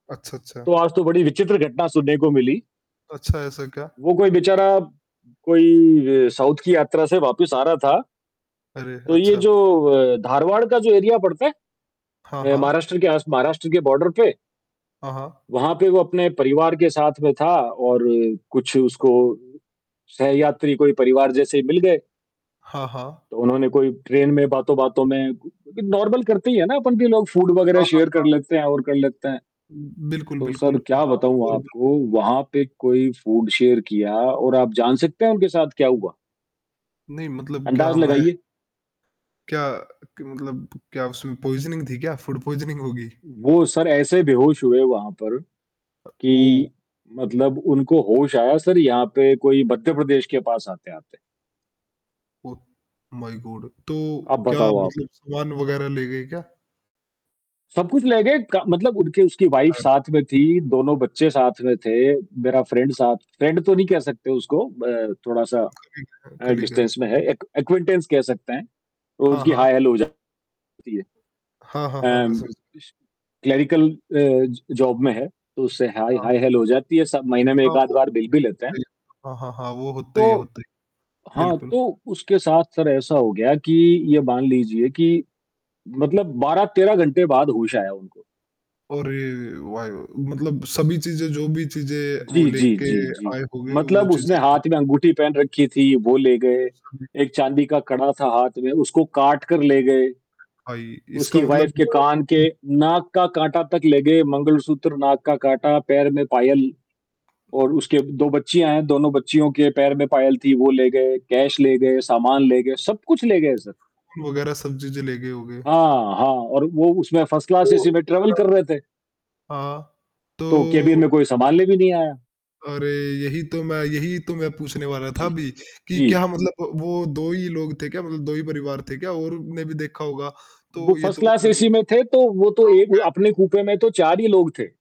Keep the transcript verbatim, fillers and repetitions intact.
अच्छा, अच्छा। तो आज तो बड़ी विचित्र घटना सुनने को मिली। अच्छा ऐसा क्या वो कोई बेचारा कोई अ, साउथ की यात्रा से वापिस आ रहा था अरे! तो ये अच्छा। जो अ, धारवाड़ का जो एरिया पड़ता है हाँ, अ, हाँ। महाराष्ट्र के आस महाराष्ट्र के बॉर्डर के हाँ, हाँ। वहाँ पे वो अपने परिवार के साथ में था और कुछ उसको सहयात्री कोई परिवार जैसे ही मिल गए। हाँ, हाँ। तो उन्होंने कोई ट्रेन में बातों-बातों में उ नॉर्मल करते ही है ना अपन भी लोग फूड वग़ैरह हाँ, हाँ, शेयर कर हाँ। लेते हैं और कर लेते हैं। उम, बिल्कुल, तो सर बिल्कुल, क्या हाँ बताऊँ और वो आपको, वहाँ पे कोई फूड शेयर किया और आप जान सकते हैं उनके साथ क्या हुआ? नहीं मतलब क्या अंदाज़ मैं लगाइए? क्या कि मतलब क्या उसमें पॉइज़निंग थी क्या? फ़ूड पॉइज़निंग होगी? वो सर ऐसे बेहोश हुए वहाँ पर, अ, ओह! कि मतलब उनको होश आया सर यहाँ पे कोई मध्य प्रदेश के पास आते-आते। ओह! माय गॉड तो, अब क्या बताओ आप? मतलब सामान वग़ैरह ले गए क्या? सब कुछ ले गए क मतलब उनके उसकी वाइफ और साथ में थी, दोनों बच्चे साथ में थे, मेरा फ्रेंड साथ फ्रेंड तो नहीं कह सकते उसको ब थोड़ा-सा ठीक है, अ, कल ही का डिस्टेंस में है, एक एक्विनेंटेंस कह सकते हैं, तो हाँ, उसकी हाँ। हाय हैलो हो जाती है। हाँ, हाँ, हाँ। मैं एंड समझ इस क्लेरिकल अ, ज जॉब में है, तो उससे हाय हाँ। हाय हैलो हो जाती है स महीने में हाँ, एक आध वो बार मिल भी लेते हैं। [unintelligible] हाँ, हाँ, हाँ, वो होता ही है तो होता ही है। हाँ, बिल्कुल। तो उसके साथ सर ऐसा हो गया कि, ये मान लीजिए कि मतलब बारह तेरह घंटे बाद होश आया उनको। अरे! वाई मतलब सभी चीज़ें जो भी चीज़ें वो जी, जी, लेके जी, जी, आए होगें, वो मतलब उसने हाथ चीज़ें में अंगूठी पहन रखी थी, वो ले गए, उस समय एक चाँदी का कड़ा था हाथ में, उसको काट कर ले गए। भाई, इसका उसकी मतलब वाइफ के जो कान के हुँ। नाक का काँटा तक ले गए, मंगलसूत्र, नाक का काँटा पैर में पायल और उसके दो बच्चियाँ हैं, दोनों बच्चियों के पैर में पायल थी वो ले गए, कैश ले गए, सामान ले गए, सब-कुछ ले गए सर। [unintelligible] वग़ैरह सब चीज़ें ले गए होगे? हाँ, हाँ और वो उसमें फर्स्ट क्लास तो, एसी में ट्रैवल क्या कर रहे थे। हाँ, तो कैबिन तो में कोई सँभालने भी नहीं आया। अरे! यही तो मैं यही तो मैं पूछने वाला था जी, अभी, कि जी। क्या मतलब वो दो ही लोग थे क्या, मतलब दो ही परिवार थे क्या? और हुँ, ने भी देखा होगा। वो तो ये फ़र्स्ट तो क्लास मतलब एसी में थे, तो वो तो तो एक वो कैसे अपने कूपे में तो चार ही लोग थे।